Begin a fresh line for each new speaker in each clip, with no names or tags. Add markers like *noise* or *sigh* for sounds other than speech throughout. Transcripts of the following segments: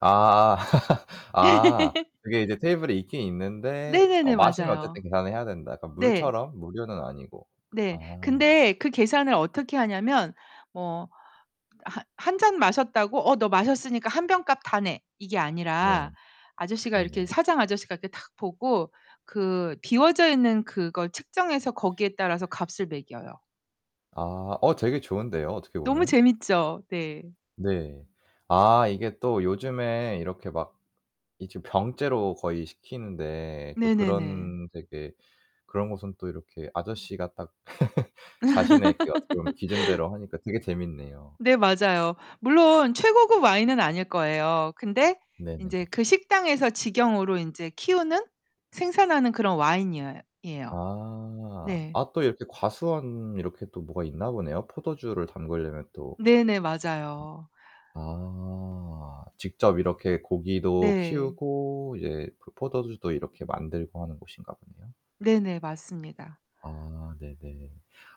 아. *laughs* 아.
*laughs*
그게 이제 테이블에 있긴 있는데 어
네네네.
마시면
맞아요.
어쨌든 계산을 해야 된다. 그러니까
네.
물처럼 무료는 아니고.
네.
아.
근데 그 계산을 어떻게 하냐면 뭐 하 1 잔 마셨다고 "어 너 마셨으니까 1 병 값 다 내." 이게
네.
아니라 아저씨가 이렇게
네네.
사장 아저씨가 이렇게 탁 보고 그 비워져 있는 그걸 측정해서 거기에 따라서 값을 매겨요.
아. 어, 되게 좋은데요 어떻게
너무
보면.
재밌죠? 네.
네. 아 이게 또 요즘에 이렇게 막 이제 병째로 거의 시키는데 또
네네네.
그런 되게 그런 곳은 또 이렇게 아저씨가 딱 *laughs* 자신의 그 어떻게 보면
*laughs*
기준대로 하니까 되게 재밌네요.
네. 맞아요. 물론 최고급 와인은 아닐 거예요. 근데
네네네.
인제 그 식당에서 직영으로 인제 키우는, 생산하는 그런 와인이여 이에요.
아.
네.
아 또 이렇게 과수원 이렇게 또 뭐가 있나 보네요 포도주를 담그려면 또.
네네. 맞아요
아. 직접 이렇게 고기도
네.
키우고 이제 그 포도주도 이렇게 만들고 하는 곳인가 보네요.
네네. 맞습니다.
아. 네 네.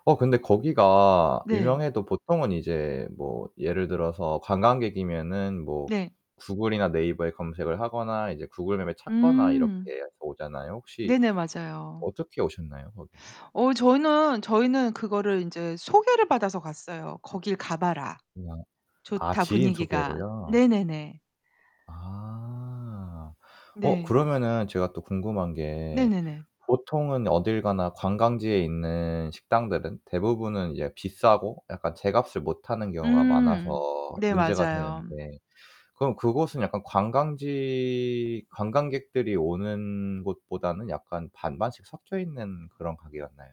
어 근데 거기가
네.
유명해도 보통은 이제 뭐 예를 들어서 관광객이면은 뭐
네.
구글이나 네이버에 검색을 하거나 이제 구글맵에 찾거나 이렇게
음.
해서 오잖아요. 혹시
네네. 맞아요.
어떻게 오셨나요 거기는?
어 저희는, 저희는 그거를 인제 소개를 받아서 갔어요. "거길 가 봐라.
그냥 아
좋다
지인
분위기가."
소개로요?
네네네.
아. 어
네.
그러면은 제가 또 궁금한 게
네네네.
보통은 어딜 가나 관광지에 있는 식당들은 대부분은 이제 비싸고 약간 제 값을 못하는 경우가 많아서
음. 네.
문제가
맞아요.
되는데 그럼 그곳은 약간 관광지 관광객들이 오는 곳보다는 약간 반반씩 섞여 있는 그런 가게였나요?